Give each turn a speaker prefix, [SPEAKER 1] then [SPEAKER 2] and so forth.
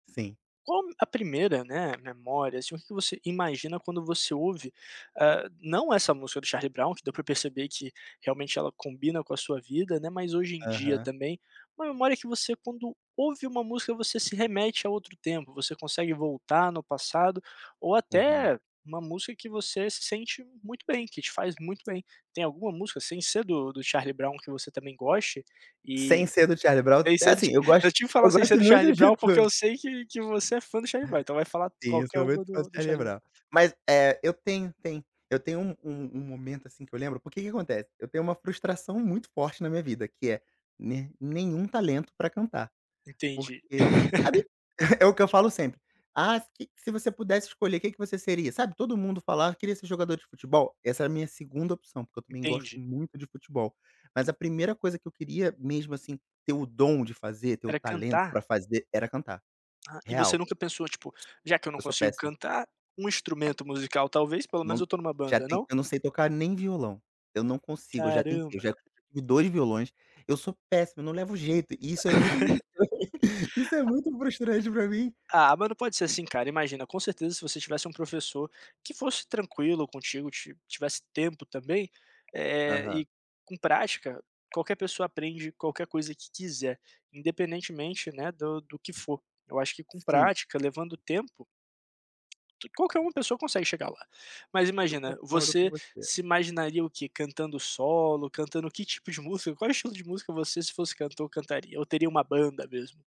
[SPEAKER 1] Sim.
[SPEAKER 2] Qual a primeira, né, memória, assim, o que que você imagina quando você ouve, eh, não essa música do Charlie Brown que deu pra perceber que realmente ela combina com a sua vida, né, mas hoje em dia
[SPEAKER 1] Aham.
[SPEAKER 2] também, uma memória que você quando ouve uma música você se remete a outro tempo, você consegue voltar no passado, ou
[SPEAKER 1] Uhum.
[SPEAKER 2] até uma música que você se sente muito bem, que te faz muito bem. Tem alguma música sem ser do do Charlie Brown que você também goste?
[SPEAKER 1] Sem
[SPEAKER 2] E,
[SPEAKER 1] ser do Charlie Brown,
[SPEAKER 2] sem
[SPEAKER 1] é
[SPEAKER 2] ser do
[SPEAKER 1] assim,
[SPEAKER 2] ti
[SPEAKER 1] eu
[SPEAKER 2] eu
[SPEAKER 1] gosto
[SPEAKER 2] tive que
[SPEAKER 1] eu
[SPEAKER 2] falar sem ser
[SPEAKER 1] gosto
[SPEAKER 2] do
[SPEAKER 1] muito
[SPEAKER 2] Charlie
[SPEAKER 1] de
[SPEAKER 2] Brown, porque eu
[SPEAKER 1] tu
[SPEAKER 2] sei que que você é fã do Charlie Brown, então vai falar t
[SPEAKER 1] Sim, eu
[SPEAKER 2] qualquer
[SPEAKER 1] sou
[SPEAKER 2] um
[SPEAKER 1] muito fã do
[SPEAKER 2] do do
[SPEAKER 1] Charlie
[SPEAKER 2] Charlie Brown.
[SPEAKER 1] Brown, mas, eh, eu tenho tem eu tenho um um um momento assim que eu lembro, porque que acontece, eu tenho uma frustração muito forte na minha vida que é, nem nenhum talento pra cantar,
[SPEAKER 2] Entendi.
[SPEAKER 1] porque, sabe, é o que eu falo sempre, "Ah se que se você pudesse escolher, que que você seria?", sabe. Todo mundo falava "Queria ser jogador de futebol.", essa era a minha segunda opção, porque eu também gosto
[SPEAKER 2] Entendi.
[SPEAKER 1] muito de futebol, mas a primeira coisa que eu queria mesmo, assim, ter o dom de fazer, ter o
[SPEAKER 2] Era
[SPEAKER 1] talento pra
[SPEAKER 2] cantar?
[SPEAKER 1] fazer era cantar,
[SPEAKER 2] Ah, e você
[SPEAKER 1] real.
[SPEAKER 2] nunca pensou, tipo, já que eu
[SPEAKER 1] S
[SPEAKER 2] não
[SPEAKER 1] eu sou
[SPEAKER 2] consigo
[SPEAKER 1] péssimo.
[SPEAKER 2] cantar, um instrumento musical, talvez, pelo menos
[SPEAKER 1] Não,
[SPEAKER 2] eu tô numa
[SPEAKER 1] já
[SPEAKER 2] banda,
[SPEAKER 1] tentei,
[SPEAKER 2] não?
[SPEAKER 1] eu não sei tocar nem violão, eu não consigo, eu já tentei, eu
[SPEAKER 2] Caramba.
[SPEAKER 1] já tive 2 violões, eu sou péssimo, não levo jeito e isso é muito, m m e isso é
[SPEAKER 2] A
[SPEAKER 1] muito frustrante pra mim.
[SPEAKER 2] Ah, não pode ser assim, cara, imagina, com certeza, se você tivesse um professor que fosse tranquilo contigo, ti tivesse tempo também, eh,
[SPEAKER 1] Aham.
[SPEAKER 2] e com prática, qualquer pessoa aprende qualquer coisa que quiser, independentemente, né, do do que for, eu acho que com
[SPEAKER 1] Sim.
[SPEAKER 2] prática, levando tempo qualquer uma pessoa consegue chegar lá, mas
[SPEAKER 1] Eu
[SPEAKER 2] imagina,
[SPEAKER 1] concordo com
[SPEAKER 2] você
[SPEAKER 1] você.
[SPEAKER 2] se imaginaria o quê, cantando solo, cantando que tipo de música, qual
[SPEAKER 1] É.
[SPEAKER 2] estilo de música você se fosse cantor cantaria, ou teria uma banda mesmo?